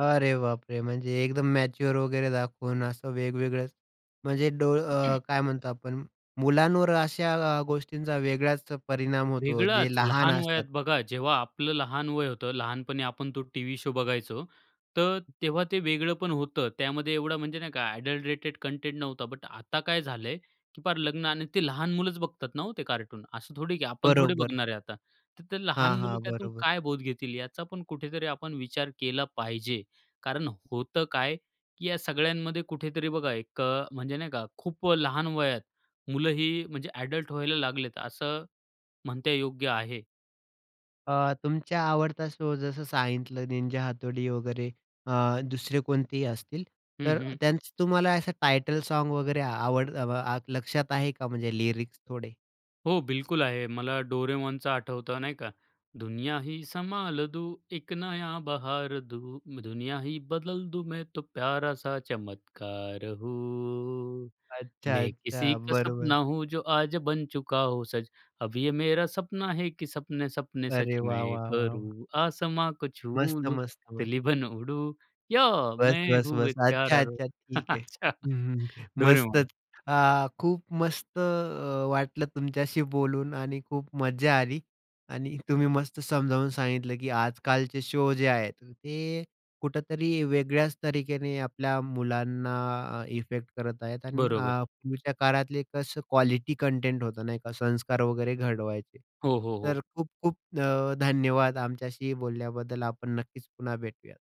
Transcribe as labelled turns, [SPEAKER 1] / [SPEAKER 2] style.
[SPEAKER 1] अरे बापरे! म्हणजे एकदम मॅच्युअर वगैरे दाखवून असं वेगवेगळे म्हणजे डोळ अ, काय म्हणतो आपण, मुलांवर अशा आ गोष्टींचा वेगळाच परिणाम होतो, जे
[SPEAKER 2] वेगळाच,
[SPEAKER 1] लहान
[SPEAKER 2] लहान वयात
[SPEAKER 1] असतात.
[SPEAKER 2] बघा जेव्हा आपलं लहान वय होतं, लहानपणी आपण तो टीव्ही शो बघायचो, तर तेव्हा ते वेगळपण होतं. त्यामध्ये एवढा म्हणजे नाही का ॲडल्टरेटेड कंटेंट नव्हता. बट आता काय झालंय, की फार लग्न आणि ते लहान मुलंच बघतात ना हो ते कार्टून, असं थोडी, की आपण थोडी
[SPEAKER 1] बरोबर.
[SPEAKER 2] बघणार आहे आता, तर ते
[SPEAKER 1] हां,
[SPEAKER 2] लहान मुलं
[SPEAKER 1] हां,
[SPEAKER 2] त्यातून
[SPEAKER 1] बरोबर.
[SPEAKER 2] काय बोध घेतील याचा पण कुठेतरी आपण विचार केला पाहिजे कारण होतं काय, की या सगळ्यांमध्ये कुठेतरी बघा एक अ, म्हणजे नाही का खूप लहान वयात मुलंही म्हणजे अडल्ट व्हायला लागलेत असं म्हणणे योग्य आहे.
[SPEAKER 1] अ, तुमचा आवडता शो जसं सांगितलं निंजा हातोडी वगैरे अ, दुसरे कोणतेही असतील,
[SPEAKER 2] हं,
[SPEAKER 1] तर
[SPEAKER 2] हं.
[SPEAKER 1] त्यांचं तुम्हाला असं टायटल साँग वगैरे आवड अ, व आ लक्षात आहे का म्हणजे लिरिक्स थोडे?
[SPEAKER 2] हो, बिलकुल आहे. मला डोरेमॉनचं आठवतं, नाही का. दुनिया ही संभाल दूँ, एक नया बहार दूँ, दुनिया ही बदल दूँ, मैं तो प्यारा सा चमत्कार हूँ,
[SPEAKER 1] अच्छा,
[SPEAKER 2] मैं किसी
[SPEAKER 1] अच्छा.
[SPEAKER 2] का सपना
[SPEAKER 1] बरोबर.
[SPEAKER 2] हूँ, जो आज बन चुका हूँ सच, अब ये मेरा सपना है की सपने सपने सच
[SPEAKER 1] अरे वाह!
[SPEAKER 2] मैं
[SPEAKER 1] वाह! वाह! वाह!
[SPEAKER 2] करूँ, आसमाँ को छू
[SPEAKER 1] मस्त,
[SPEAKER 2] लूँ,
[SPEAKER 1] मस्त, मस्त.
[SPEAKER 2] तितली बन उड़ूँ, या
[SPEAKER 1] बस,
[SPEAKER 2] मैं
[SPEAKER 1] बस,
[SPEAKER 2] हूं
[SPEAKER 1] बस.
[SPEAKER 2] एक
[SPEAKER 1] अच्छा,
[SPEAKER 2] प्यारा डोरेमॉन.
[SPEAKER 1] अच्छा, ठीक आहे.
[SPEAKER 2] अच्छा,
[SPEAKER 1] हं, हं.
[SPEAKER 2] डोरेमॉन.
[SPEAKER 1] मस्तच. अ, खूप मस्त अ, वाटलं तुमच्याशी बोलून आणि खूप मजा आली आणि तुम्ही मस्त समजावून सांगितलं, की आजकालचे शो जे आहेत, ते कुठेतरी वेगळ्याच तरिकेने आपल्या मुलांना अ, इफेक्ट करत आहेत आणि
[SPEAKER 2] बरोबर.
[SPEAKER 1] अ, पूर्वीच्या काळातले कसं क्वालिटी कंटेंट होतं नाही का, संस्कार वगैरे घडवायचे.
[SPEAKER 2] हो, हो,
[SPEAKER 1] तर
[SPEAKER 2] हो.
[SPEAKER 1] खूप-खूप अ, धन्यवाद आमच्याशी बोलल्याबद्दल. आपण नक्कीच पुन्हा भेटूयात.